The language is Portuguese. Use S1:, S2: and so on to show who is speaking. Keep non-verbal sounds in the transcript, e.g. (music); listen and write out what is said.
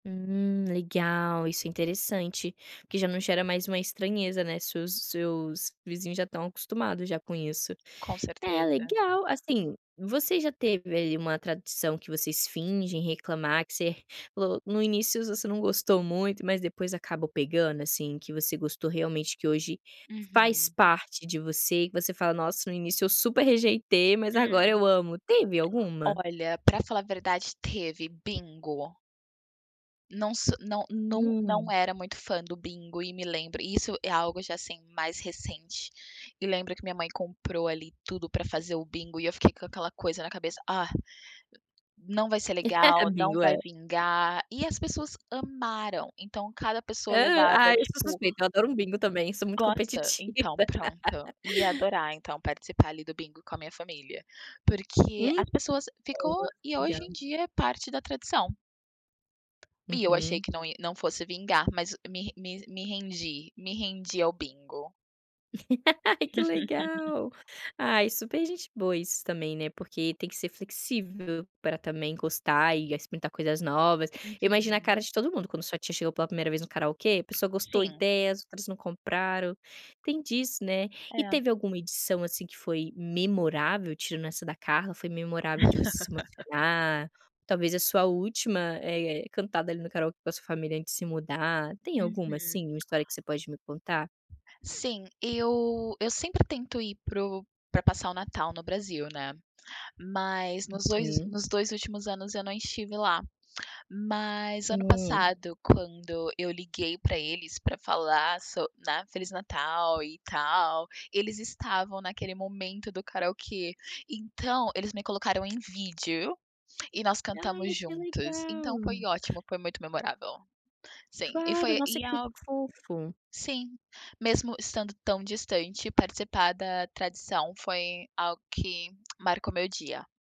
S1: Hum, legal. Isso é interessante, porque já não gera mais uma estranheza, né, se os seus vizinhos já estão acostumados já com isso.
S2: Com
S1: É,
S2: certeza.
S1: legal, assim, você já teve ali uma tradução que vocês fingem reclamar, que você (chuckles) no início você não gostou muito, mas depois acabou pegando, assim, que você gostou realmente, que hoje faz
S2: Uhum.
S1: parte de você e que você fala: "Nossa, no início eu super rejeitei, mas agora
S2: Hum.
S1: eu amo", teve alguma?
S2: Olha, pra falar a verdade teve: bingo. Não so não não não
S1: Hum.
S2: era muito fã do bingo e me lembro isso é algo já, assim, mais recente. E lembro que minha mãe comprou ali tudo pra fazer o bingo e eu fiquei com aquela coisa na cabeça "Ah, não vai ser
S1: (laughs) Ah,
S2: legal, não
S1: bingo
S2: vai
S1: é.
S2: vingar" e as pessoas amaram. Então cada pessoa
S1: Aham,
S2: levava,
S1: ai, eu sou
S2: tipo
S1: suspeito, eu adoro um bingo também, sou muito
S2: Gosta?
S1: competitiva.
S2: Então, pronto, ia
S1: (laughs)
S2: adorar então participar ali do bingo com a minha família. Porque
S1: Ih!
S2: as pessoas ficou
S1: (unintelligible)
S2: e hoje em
S1: Legal.
S2: dia é parte da tradição. E eu achei
S1: Uhum.
S2: que não i não fosse vingar, mas me me me rendi, me rendi ao bingo.
S1: (laughs) Ai, que
S2: (laughs)
S1: legal. Ai, super gente boa isso também, né, porque tem que ser flexível pra também gostar e experimentar coisas novas. Eu imagino a cara
S2: Uhum.
S1: de todo mundo quando sua tia chegou pela 1º vez no karaokê, a pessoa gostou
S2: Sim.
S1: ideias, outras não compraram, tem disso, né. E
S2: É.
S1: teve alguma edição, assim, que foi memorável, tirando essa da Carla, foi memorável de você se
S2: (laughs)
S1: emocionar, ou talvez a sua última, eh, cantada ali no karaokê com a sua família antes se mudar? Tem alguma,
S2: Uhum.
S1: assim, uma história que você pode me contar?
S2: Sim, eu eu sempre tento ir para o para passar o natal no Brasil, né, mas nos dois
S1: Hum.
S2: nos dois últimos anos eu não estive lá. Mas ano
S1: Hum.
S2: passado quando eu liguei pra eles pra falar so né, "feliz natal e tal", eles estavam naquele momento do karaokê. Então eles me colocaram em vídeo e nós cantamos
S1: Ai, que
S2: juntos, então foi
S1: legal!
S2: ótimo, foi muito memorável. Sim, e
S1: Claro,
S2: foi
S1: nossa
S2: e
S1: que
S2: a
S1: fofo!
S2: sim, mesmo estando tão distante, participar da tradição foi algo que marcou meu dia.